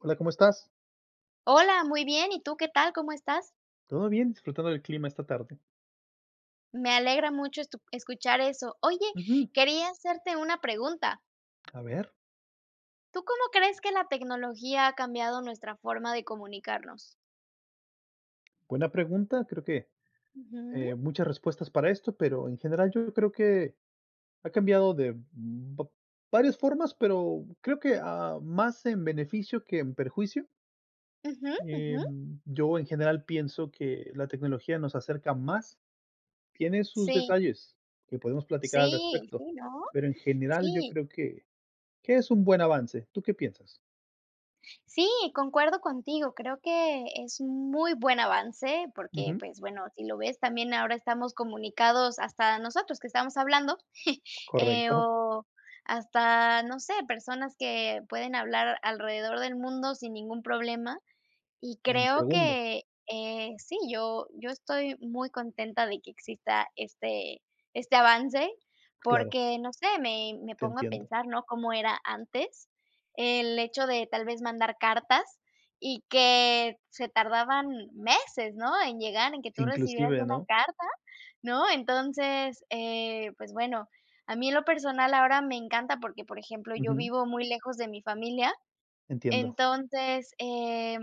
Hola, ¿cómo estás? Hola, muy bien. Y tú, ¿qué tal? ¿Cómo estás? Todo bien. Disfrutando del clima, esta tarde. Me alegra mucho, estu escuchar eso. Oye, Ujú. quería hacerte una pregunta. A ver. ¿Tú, cómo crees que la tecnología, ha cambiado nuestra forma de comunicarnos? Buena pregunta. Creo que, Ujú. eh, muchas respuestas para esto, pero en general, yo creo que ha cambiado de va varias formas. Pero creo que, Sí. ah, más en beneficio, que en perjuicio. Ujú, ujú. Em, yo en general, pienso que la tecnología nos acerca más. Tiene sus Sí. detalles, que podemos platicar al Sí, respecto. sí, ¿no? Pero en general, yo Sí. creo que que es un buen avance. ¿Tú qué piensas? Sí, concuerdo contigo. Creo que es muy buen avance, porque, Ujú. pues, bueno, si lo ves, también, ahora estamos comunicados, hasta nosotros que estamos hablando. Eh, Correcto. o hasta, no sé, personas que pueden hablar alrededor del mundo, sin ningún problema. Y En creo segundos. que, eh, sí, yo yo estoy muy contenta, de que exista este este avance, Claro. porque no sé. Me me Te pongo a entiendo. pensar, ¿no? Cómo era antes, el hecho de tal vez mandar cartas, y que se tardaban meses, ¿no?, en llegar, en que tú recibieras Inclusive, una ¿no? carta, ¿no? Entonces, eh, pues, bueno, a mí en lo personal, ahora me encanta, porque por ejemplo, yo Ujú. vivo muy lejos de mi familia, Entiendo. entonces, eh,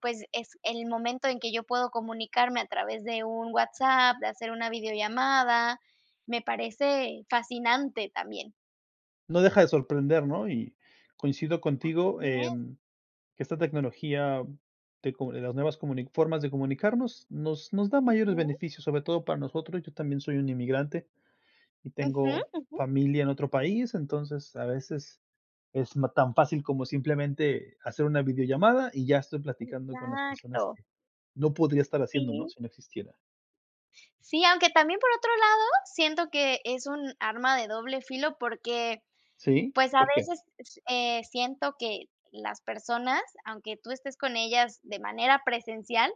pues es el momento, en que yo puedo comunicarme a través de un WhatsApp, de hacer una videollamada. Me parece fascinante, también. No deja de sorprender, ¿no? Y, coincido contigo, Así es. em, que esta tecnología de comu de las nuevas comuni formas de comunicarnos nos nos da mayores Ujú. beneficios, sobre todo para nosotros. Yo también soy un inmigrante y Ujú, tengo ujú. familia en otro país, entonces a veces es no tan fácil como simplemente hacer una videollamada y ya estoy platicando con las personas Exacto. que no podría estar haciéndolo, ¿no?, Sí. si no existiera. Sí, aunque también, por otro lado, siento que es un arma de doble filo porque, ¿Sí? pues, a ¿Por qué? veces s eh, siento que las personas, aunque tú estés con ellas de manera presencial,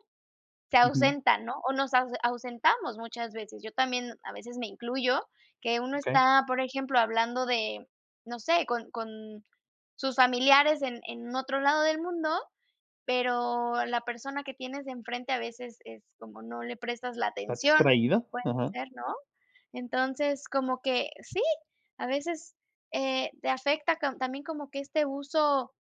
se Ujú. ausentan, ¿no? O nos ause ausentamos muchas veces. Yo también, a veces me incluyo que uno Okey. está, por ejemplo, hablando de, no sé, con con sus familiares en en otro lado del mundo, pero la persona que tienes enfrente a veces es como no le prestas la ¿Esta atención, extraida? puede Ajá. ser, ¿no? Entonces, como que sí, a veces, eh, te afecta con también como que este uso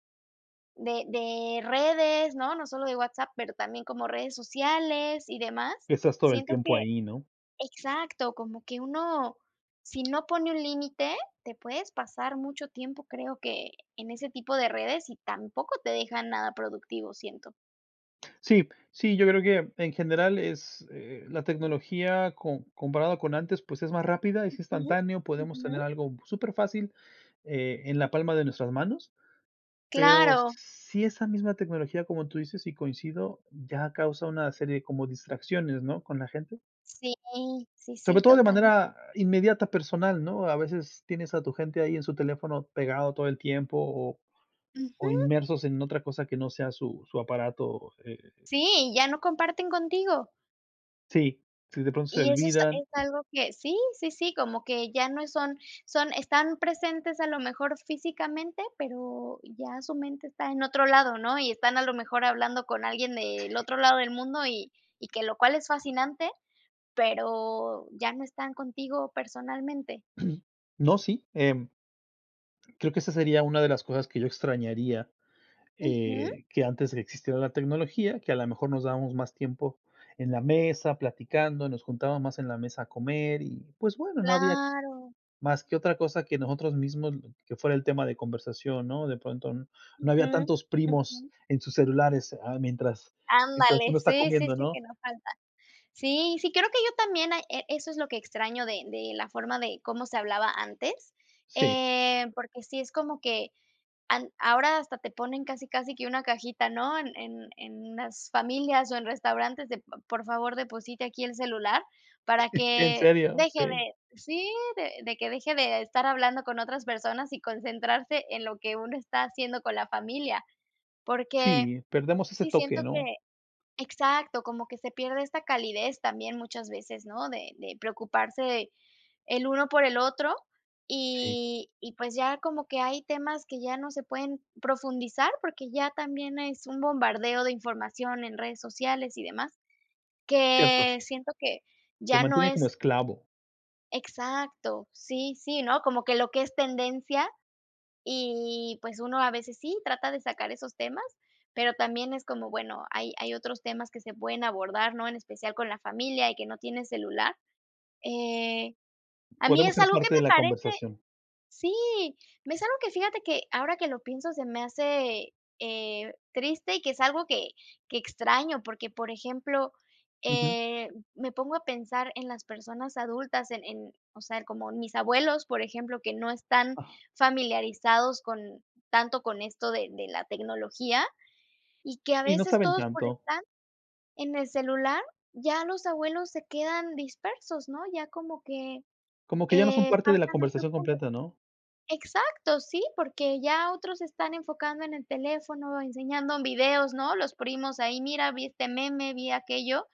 de de redes, ¿no? No solo de WhatsApp, pero también como redes sociales y demás. Estás todo el Siento tiempo que ahí, ¿no? exacto como que uno, si no pone un límite, te puedes pasar mucho tiempo, creo que, en ese tipo de redes, y tampoco te dejan nada productivo, siento. Sí, sí, yo creo que, en general es, eh, la tecnología com comparado con antes, pues, es más rápida, es Ujú, instantáneo, podemos tener ujú. algo superfácil eh, en la palma de nuestras manos. Pero Claro. sí esa misma tecnología, como tú dices, y coincido, ya causa una serie como distracciones, ¿no?, con la gente. Sí, sí, Sobre sí, todo de total manera inmediata personal, ¿no? A veces tienes a tu gente ahí en su teléfono pegado todo el tiempo o o Ujú. inmersos en otra cosa que no sea su su aparato, eh Sí, ya no comparten contigo. Sí, si, de pronto se Y eso esta olvidan. es algo que sí, sí, sí, como que ya no son son están presentes a lo mejor físicamente, pero ya su mente está en otro lado, ¿no?, y están a lo mejor hablando con alguien del otro lado del mundo, y y que lo cual es fascinante, pero ya no están contigo personalmente. No, sí, em creo que esa sería una de las cosas que yo extrañaría, Ujú. eh, que antes de que existiera la tecnología, que a la mejor nos dábamos más tiempo en la mesa, platicando, nos juntábamos más en la mesa a comer y, pues bueno, no había Claro. más que otra cosa que nosotros mismos que fuera el tema de conversación, ¿no?, de pronto, no había Ujú, tantos primos ujú. en sus celulares, ah, mientras mientras Ándale, uno está sí, sí, comiendo, sí, que ¿no? no falta, sí, sí, creo que yo también, hay e eso es lo que extraño de de la forma de cómo se hablaba antes, Sí. eh, porque sí es como que an ahora hasta te ponen casi casi que una cajita, ¿no?, en en en unas familias o en restaurantes de: "P por favor, deposite aquí el celular", para En que serio, deje sí. de, sí, de de que deje de estar hablando con otras personas y concentrarse en lo que uno está haciendo con la familia, porque Sí, perdemos ese sí siento toque, que ¿no? exacto, como que se pierde esta calidez también muchas veces, ¿no?, de de preocuparse el uno por el otro, Sí. y y, pues, ya como que hay temas que ya no se pueden profundizar, porque ya también es un bombardeo de información en redes sociales y demás, Cierto. que siento que Te ya no mantiene como es esclavo. Exacto, sí, sí, ¿no?, como que lo que es tendencia, y pues, uno a veces sí trata de sacar esos temas, pero también es como, bueno, hay hay otros temas que se pueden abordar, ¿no?, en especial con la familia y que no tiene celular, eh, a mí Podemos es ser algo ¿que parte de me la parece? conversación. Sí, me es algo que fíjate que ahora que lo pienso se me hace, eh, triste y que es algo que que extraño, porque, por ejemplo, Ujú. eh, me pongo a pensar en las personas adultas, en en, o sea, en como mis abuelos, por ejemplo, que no están Ajá. familiarizados con tanto con esto de de la tecnología, y que a Sí, no veces saben todos por tanto. estar en el celular, ya los abuelos se quedan dispersos, ¿no?, ya como que, Como que ya no son eh, parte de la pasan a otro conversación punto, completa, ¿no? exacto, sí, porque ya otros se están enfocando en el teléfono, enseñando videos, ¿no?, los primos ahí: "Mira, vi este meme, vi aquello",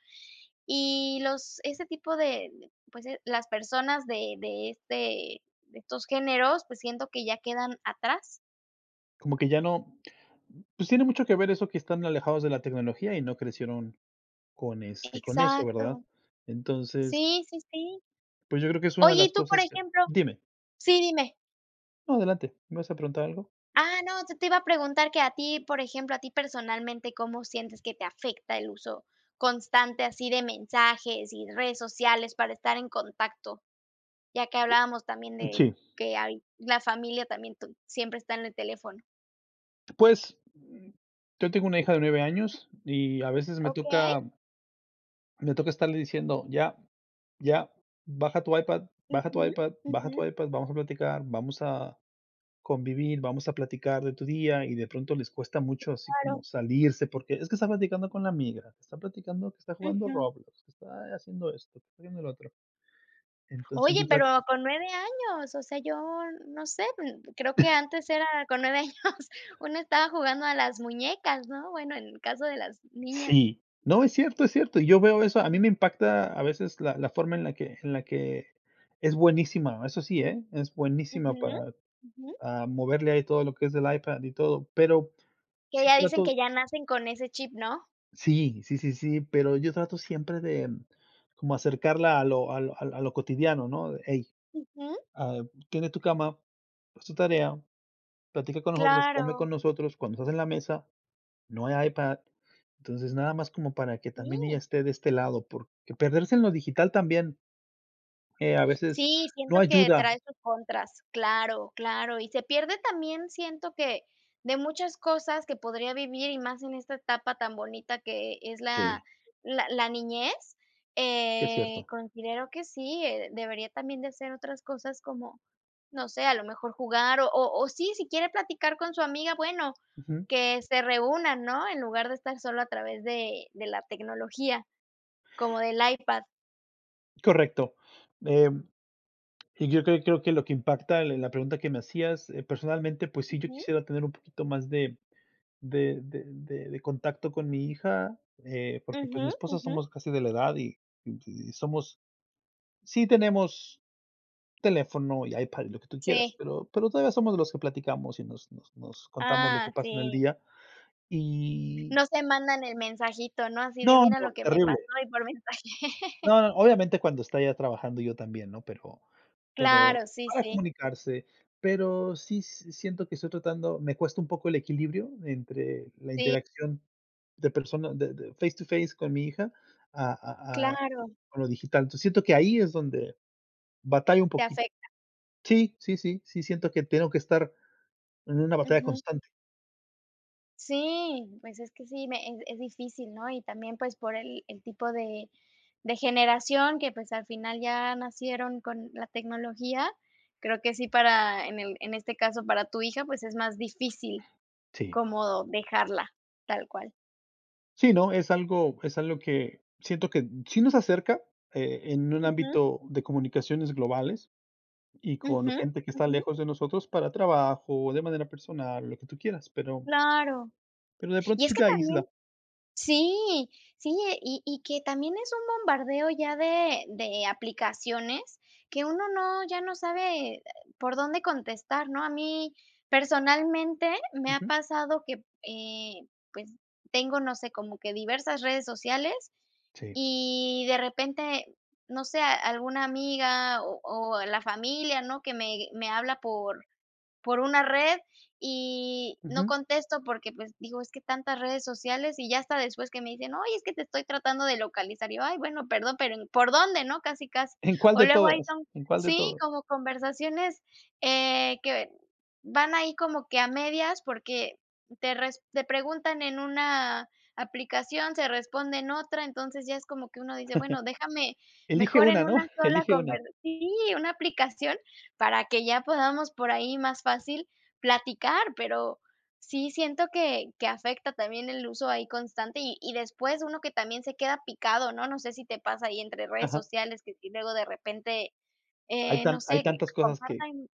y los ese tipo de, pues, eh, las personas de de este de estos géneros, pues, siento que ya quedan atrás. Como que ya no pues, tiene mucho que ver eso que están alejados de la tecnología y no crecieron con, este, con eso, ¿verdad? Exacto. Entonces Sí, sí, sí. pues, yo creo que es una de Oye, y las tú, por cosas que ejemplo Dime. Sí, dime. No, adelante, ¿me vas a preguntar algo? Ah, no, yo te iba a preguntar que a ti, por ejemplo, a ti personalmente, ¿cómo sientes que te afecta el uso constante, así de mensajes y redes sociales para estar en contacto? Ya que hablábamos también Mm, de sí. que hay la familia también tú siempre está en el teléfono. Pues, mm, yo tengo una hija de 9 años y a veces me Okey. toca me toca estarle diciendo: "Ya, ya, baja tu iPad, baja tu Ujú. iPad, baja tu Ujú. iPad, vamos a platicar, vamos a convivir, vamos a platicar de tu día". Y de pronto, les cuesta Sí, mucho así claro. como salirse porque es que está platicando con la amiga, está platicando, que está jugando Ujú. Roblox, que está haciendo esto, que está viendo lo otro. Entonces Oye, yo trat pero con 9 años, o sea, yo no sé, mm, creo que antes era, con 9 años, una estaba jugando a las muñecas, ¿no? Bueno, en el caso de las niñas. Sí, no, es cierto, es cierto. Y yo veo eso, a mí me impacta a veces la la forma en la que en la que, es buenísima, eso sí, ¿eh?, es buenísima Ujú. para, Ujú. ah, moverle ahí todo lo que es del iPad y todo. Pero Que sí, ya dicen que trato ya nacen con ese chip, ¿no? Sí, sí, sí, sí, pero yo trato siempre de como acercarla a lo al al a lo cotidiano, ¿no?, de: "Ey, Ujú. ah, tiende tu cama, haz tu tarea, platica con nosotros, come Claro. con nosotros, cuando estás en la mesa, no hay iPad". Entonces, nada más como para que también ella Sí. esté de este lado, porque perderse en lo digital también eh, a veces Sí, no siento que ayuda. trae sus contras. Claro, claro, y se pierde también siento que de muchas cosas que podría vivir, y más en esta etapa tan bonita que e es Sí. la la la niñez, Sí, es eh, cierto. considero que sí, eh, debería también de hacer otras cosas como, no sé, a lo mejor jugar o o o sí, si quiere platicar con su amiga, bueno, Ujú. que se reúnan, ¿no?, en lugar de estar solo a través de de la tecnología, como del iPad. Correcto, em, y yo creo creo que lo que impacta en la pregunta que me hacías, eh, personalmente, pues sí, yo Ujú. quisiera tener un poquito más de de de de de contacto con mi hija, eh, porque, pues, mi Ujú, esposa, ujú. somos casi de la edad, y y somos Sí tenemos teléfono y iPad y lo que tú quieras, Sí. pero pero todavía somos los que platicamos y nos nos nos contamos lo que Ah, pasa en el sí. día y No se mandan el mensajito, ¿no?, así de No, mira lo no, que me terrible. pasó y por mensaje. No, no, obviamente cuando está ella trabajando, yo también, ¿no? Pero pero Claro, sí, para sí. comunicarse, pero sí s siento que estoy tratando me cuesta un poco el equilibrio entre la Sí. interacción de persona de de face to face con mi hija a a a Claro. con lo digital. Entonces, siento que ahí es donde batallo un Te poqui afecta. sí, sí, sí, sí siento que tengo que estar en una batalla Ujú. constante. Sí, pues, es que sí, me eh, es difícil, ¿no? Y también, pues, por el el tipo de de generación que, pues, al final, ya nacieron con la tecnología, creo que sí para en el en este caso para tu hija, pues, es más difícil Sí. como dejarla. Tal cual. Sí, ¿no? Es algo es algo que, siento que sí nos acerca, eh, en un Ujú. ámbito de comunicaciones globales y con Ujú, gente que está ujú. lejos de nosotros para trabajo, de manera personal o lo que tú quieras, pero Claro. pero de Y pronto es sí que te también aísla. Sí, sí, y y que también es un bombardeo ya de de aplicaciones, que uno no, ya no sabe, eh, por dónde contestar, ¿no? A mí, personalmente, me ha Ujú. pasado que, eh, pues, tengo, no sé, como que diversas redes sociales, Sí. y de repente, no sé, a alguna amiga o o la familia, ¿no?, que me me habla por por una red, y no Ujú. contesto porque, pues, digo, es que tantas redes sociales, y ya hasta después que me dicen: "Oye, es que te estoy tratando de localizar". Y yo: "Ay, bueno, perdón, pero en ¿Por dónde?", ¿no?, casi, casi. ¿En cuál O de luego ahí todas? son, ¿En cuál de sí, todo? como conversaciones, eh, que van ahí como que a medias, porque te res te preguntan en una aplicación, se responde en otra. Entonces, ya es como que uno dice: "Bueno, déjame Elige mejor una, en ¿no? una sola, Elige conver", una. sí, una aplicación para que ya podamos por ahí más fácil platicar. Pero sí, siento que que afecta también el uso ahí constante y y después uno que también se queda picado, ¿no? No sé si te pasa ahí entre redes Ajá. sociales, que si luego de repente, Hay eh, no tan hay sé, que tantas cosas que compartan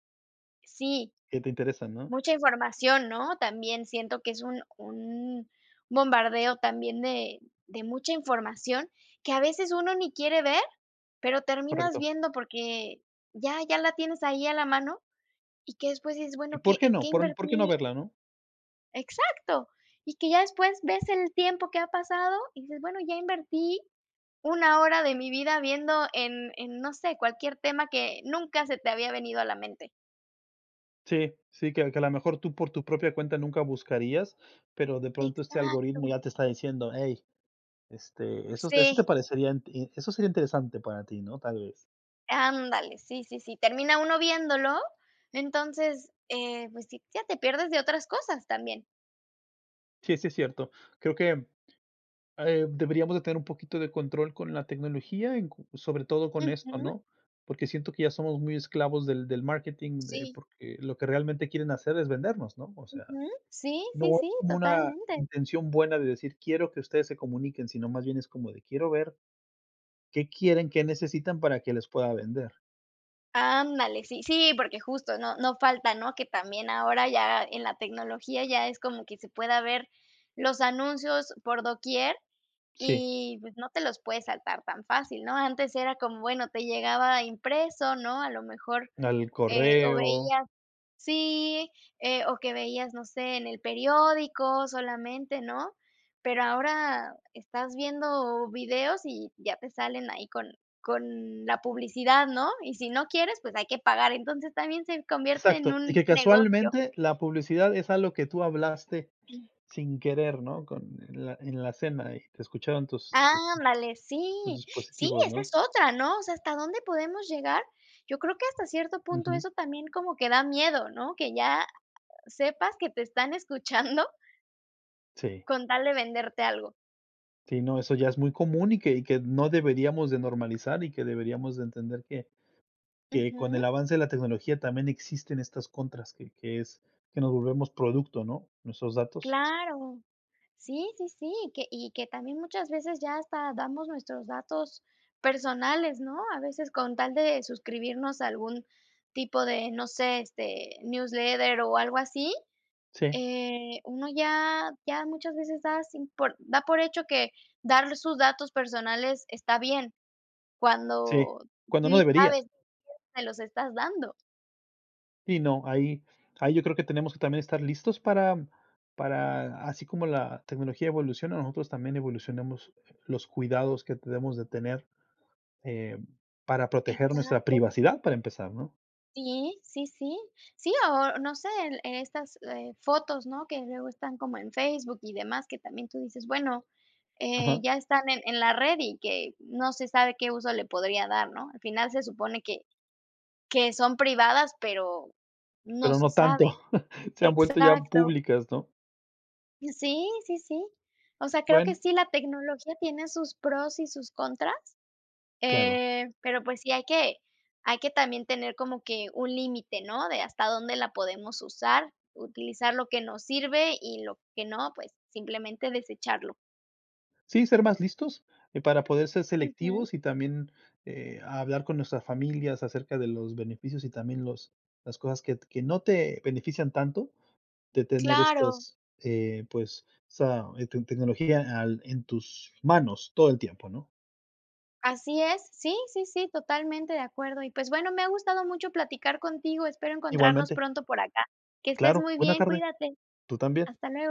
Sí, que te interesan, ¿no? mucha información, ¿no? También siento que es un un bombardeo también de de mucha información, que a veces uno ni quiere ver, pero terminas Correcto. viendo porque ya ya la tienes ahí a la mano, y que después dices: ¿Y "Bueno, por ¿qué qué en qué no? ¿Por por qué no invertí-?" verla, no? Exacto, y que ya después ves el tiempo que ha pasado y dices, bueno, ya invertí una hora de mi vida viendo, en en, no sé, cualquier tema que nunca se te había venido a la mente. Sí, sí, que que a lo mejor tú por tu propia cuenta nunca buscarías, pero de pronto este algoritmo Exacto. ya te está diciendo: "Ey, este, esos, esto te Sí. parecería, eso sería interesante para ti, ¿no?, tal vez". Ándale, sí sí sí, termina uno viéndolo, entonces, eh, pues sí, ya te pierdes de otras cosas también. Sí, sí, es cierto, creo que, eh, deberíamos de tener un poquito de control con la tecnología en cu sobre todo con esto, Ujú. ¿no?, porque siento que ya somos muy esclavos del del marketing, eh, Sí. porque lo que realmente quieren hacer es vendernos, ¿no?, o sea, Ujú, sí sí no sí, como una totalmente. intención buena de decir quiero que ustedes se comuniquen, sino más bien es como de, quiero ver qué quieren, qué necesitan para que les pueda vender. Ándale, sí sí, porque justo, no no falta, ¿no?, que también ahora ya en la tecnología ya es como que se pueda ver los anuncios por doquier, Sí. y, pues, no te los puedes saltar tan fácil, ¿no?, antes era como, bueno, te llegaba impreso, ¿no?, a lo mejor, Al eh, o correo veías, sí, eh, o que veías, no sé, en el periódico solamente, ¿no?, pero ahora estás viendo videos y ya te salen ahí con con la publicidad, ¿no?, y si no quieres, pues hay que pagar, entonces, también se convierte en Exacto, y un que negocio. casualmente la publicidad es algo que tú hablaste sin querer, ¿no?, con en la en la cena y te escucharon tus Ándale, tus sí sí, dispositivos, esa es ¿no? otra, ¿no?, o sea, ¿hasta dónde podemos llegar? Yo creo que hasta cierto punto Ujú. eso también como que da miedo, ¿no?, que ya sepas que te están escuchando Sí. Con tal de venderte algo. Sí, no, eso ya es muy común y que y que no deberíamos de normalizar, y que deberíamos de entender que que con el Ujú. avance de la tecnología también existen estas contras, que que es que nos volvemos producto, ¿no?, nuestros datos. Claro, sí sí sí, que, y que también muchas veces ya hasta damos nuestros datos personales, ¿no?, a veces con tal de suscribirnos a algún tipo de, no sé, este, newsletter o algo así, Sí. eh, uno ya ya muchas veces das sin por da por hecho que dar sus datos personales está bien, Sí, cuando cuando no ni debería. sabes a quién se los estás dando. Sí, no, ahí ahí yo creo que tenemos que también estar listos para para así como la tecnología evoluciona, nosotros también evolucionemos los cuidados que debemos de tener, em, para proteger nuestra Exacto. privacidad para empezar, ¿no? Sí sí sí sí, o no sé, el, e estas, eh, fotos, ¿no?, que luego están como en Facebook y demás, que también tú dices, bueno, eh, Ajá. ya están en en la red y que no se sabe qué uso le podría dar, ¿no?, al final se supone que que son privadas, pero no Pero se no tanto, sabe, se han vuelto ya exacto. públicas, ¿no? Y sí sí sí, o sea, creo que Bueno. sí, la tecnología tiene sus pros y sus contras, Claro. eh, pero, pues, sí hay que hay que también tener como que un límite, ¿no?, de hasta dónde la podemos usar, utilizar lo que nos sirve y lo que no, pues, simplemente desecharlo. Sí, ser más listos, eh, para poder ser Ujú. selectivos y también, eh, hablar con nuestras familias acerca de los beneficios y también los las cosas que que no te benefician tanto, de tener Claro. estos, eh, pues, esa, eh, te tecnología al en tus manos todo el tiempo, ¿no? Así es, sí sí sí, totalmente de acuerdo, y pues, bueno, me ha gustado mucho platicar contigo, espero encontrarnos Igualmente. pronto por acá, que estés Claro, muy buena bien, tarde, cuídate, tú también. hasta luego.